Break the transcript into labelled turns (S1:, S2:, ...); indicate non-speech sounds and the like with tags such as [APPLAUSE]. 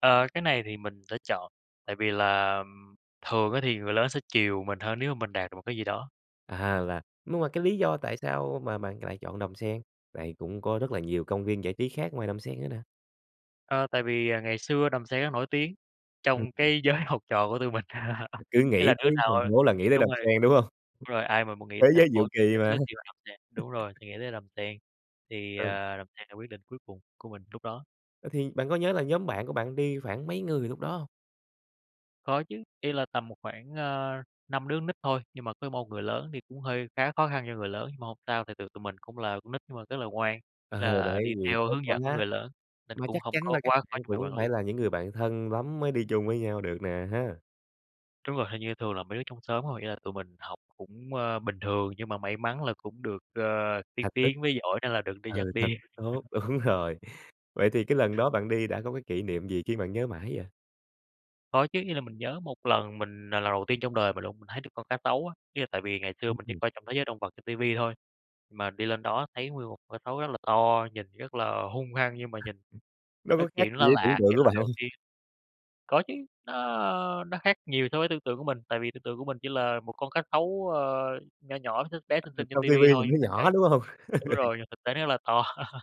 S1: Ờ, cái này thì mình đã chọn, tại vì là, ừm, thường á thì người lớn sẽ chiều mình hơn nếu mà mình đạt được một cái gì đó.
S2: À, là nhưng mà cái lý do tại sao mà bạn c lại chọn Đầm Sen? Tại cũng có rất là nhiều công viên giải trí khác ngoài Đầm Sen nữa nè.
S1: Ờ, tại vì, à, ngày xưa Đầm Sen rất nổi tiếng
S2: Ừm,
S1: trong
S2: ừm.
S1: cái giới học trò của tụi mình.
S2: Ừm,
S1: [LAUGHS]
S2: cứ
S1: Ý
S2: nghĩ
S1: là đứa
S2: tới
S1: nào
S2: thành phố là nghĩ tới
S1: đúng
S2: Đầm
S1: rồi,
S2: Sen, đúng hông?
S1: đúng rồi, ai mà muốn nghĩ
S2: Thế
S1: thành
S2: giới diệu
S1: phố
S2: kỳ
S1: đến
S2: mà.
S1: Suối Tiên và Đầm Sen, đúng rồi,
S2: [LAUGHS]
S1: thì nghĩ tới Đầm Sen, thì,
S2: Ừ.
S1: à, Đầm Sen là quyết định cuối cùng của mình lúc đó.
S2: Ờ, thì bạn có nhớ là nhóm bạn của bạn đi khoảng mấy người lúc đó hông?
S1: Có chứ, ý là tầm một khoảng, à, 5 đứa con nít thôi, nhưng mà có 1 người lớn, thì cũng hơi khá khó khăn cho người lớn, nhưng mà hông sao, tại vì tụi mình cũng là con nít mà rất là ngoan,
S2: Ờ,
S1: là
S2: đấy,
S1: đi
S2: nhiều
S1: theo
S2: cốt
S1: hướng
S2: quá.
S1: dẫn của người lớn, nên
S2: Mà
S1: cũng
S2: chắc
S1: hông
S2: chắn là
S1: có
S2: các
S1: quá khó
S2: bạn
S1: cho người
S2: cũng
S1: quản lý.
S2: phải là những người bạn thân lắm mới đi chung với nhau được nè ha?
S1: Đúng rồi, hình như thường là mấy đứa trong xóm thôi, nghĩa là tụi mình học cũng, ờ, bình thường nhưng mà may mắn là cũng được, ờ, tiên
S2: Thành tích.
S1: tiến với giỏi nên là được đi dắt
S2: Ừ, thành
S1: đi.
S2: tích tốt,
S1: [LAUGHS]
S2: đúng rồi. Vậy thì cái lần đó bạn đi đã có cái kỷ niệm gì khiến bạn nhớ mãi vậy?
S1: Có chứ, như là mình nhớ một lần mình là lần đầu tiên trong đời mình luôn. Mình thấy được con cá sấu á, ý là tại vì ngày xưa
S2: Ừm,
S1: mình chỉ
S2: ừm.
S1: coi trong thế giới động vật trên ti vi thôi, mà đi lên đó thấy nguyên một con cá xấu rất là to, nhìn rất là hung hăng, nhưng mà nhìn,
S2: Nó
S1: ơ,
S2: có khác
S1: chuyện
S2: gì
S1: nó
S2: với tưởng
S1: lạ
S2: tượng
S1: cái
S2: của
S1: lần
S2: bạn
S1: đầu
S2: hông?
S1: tiên. Có chứ, nó nó khác nhiều so với tưởng tượng của mình, tại vì tưởng tượng của mình chỉ là một con cá sấu, ờ, nho nhỏ, x bé xinh xinh trên
S2: Trong
S1: ti
S2: ti
S1: vi
S2: vi nhìn
S1: thôi,
S2: nó
S1: thành
S2: nhỏ,
S1: ra
S2: đúng hông?
S1: đúng
S2: [LAUGHS] Ừ.
S1: rồi, nhưng thực tế nó rất là to. [LAUGHS]